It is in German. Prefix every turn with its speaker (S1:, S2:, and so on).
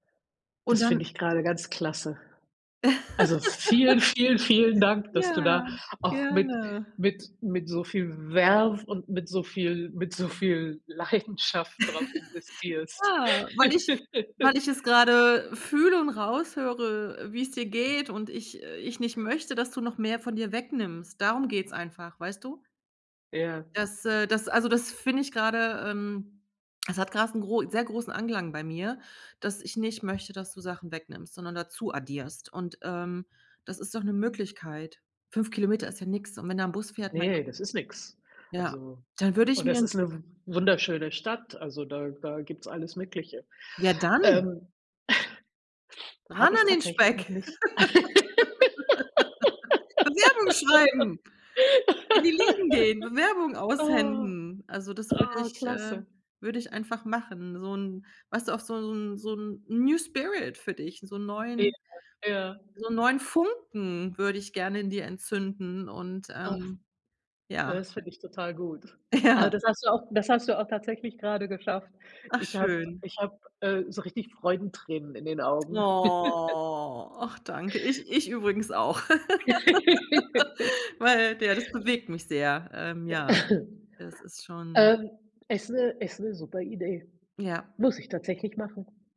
S1: Und
S2: Das finde
S1: dann
S2: ich grade ganz klasse. Also, vielen, vielen, vielen Dank, dass du da
S1: Ja,
S2: auch mit
S1: gerne.
S2: mit mit so viel Verve und mit so viel mit so viel Leidenschaft drauf investierst.
S1: Ja, weil ich weil ich es grade fühle und raushöre, wie es dir geht, und ich äh, ich nicht möchte, dass du noch mehr von dir wegnimmst. Darum geht's einfach, weißt du?
S2: Ja.
S1: Das äh, das, also, das finde ich grade ähm, es hat grade 'n gro 'n sehr großen Anklang bei mir, dass ich nicht möchte, dass du Sachen wegnimmst, sondern dazu addierst, und, ähm, das ist doch 'ne Möglichkeit 5 km ist ja nix und wenn da 'n Bus fährt, mein Gott.
S2: Ne, das ist nix,
S1: Ja,
S2: also
S1: dann würde ich
S2: und
S1: mir
S2: das
S1: 'n
S2: ist 'ne w wunderschöne Stadt, also, da da gibt's alles Mögliche,
S1: Ja, dann
S2: ähm
S1: ran
S2: habe ich
S1: an den
S2: tatsächlich
S1: Speck!
S2: noch nicht.
S1: Bewerbungen schreiben! In die Läden gehen! Bewerbung
S2: Ah.
S1: aushändigen! Also, das würde
S2: Ah,
S1: ich äh,
S2: klasse.
S1: würde ich einfach machen, so 'n weißt du, auch so 'n so 'n New Spirit für dich, so 'n
S2: Ja,
S1: neuen
S2: ja.
S1: so 'n neuen Funken würde ich gerne in dir entzünden und, ähm
S2: [unintelligible] Ja,
S1: ja.
S2: das finde ich total gut. Also,
S1: Ja.
S2: das hast du auch das hast du auch tatsächlich grade geschafft.
S1: Ach
S2: Ich habe
S1: schön.
S2: ich habe, äh, so richtig Freudentränen in den Augen.
S1: Oh, ach danke, ich ich übrigens auch, weil, ja, das bewegt mich sehr, ähm, ja, das ist schon
S2: Ähm, ist 'ne ist 'ne super Idee,
S1: Ja.
S2: muss ich tatsächlich machen.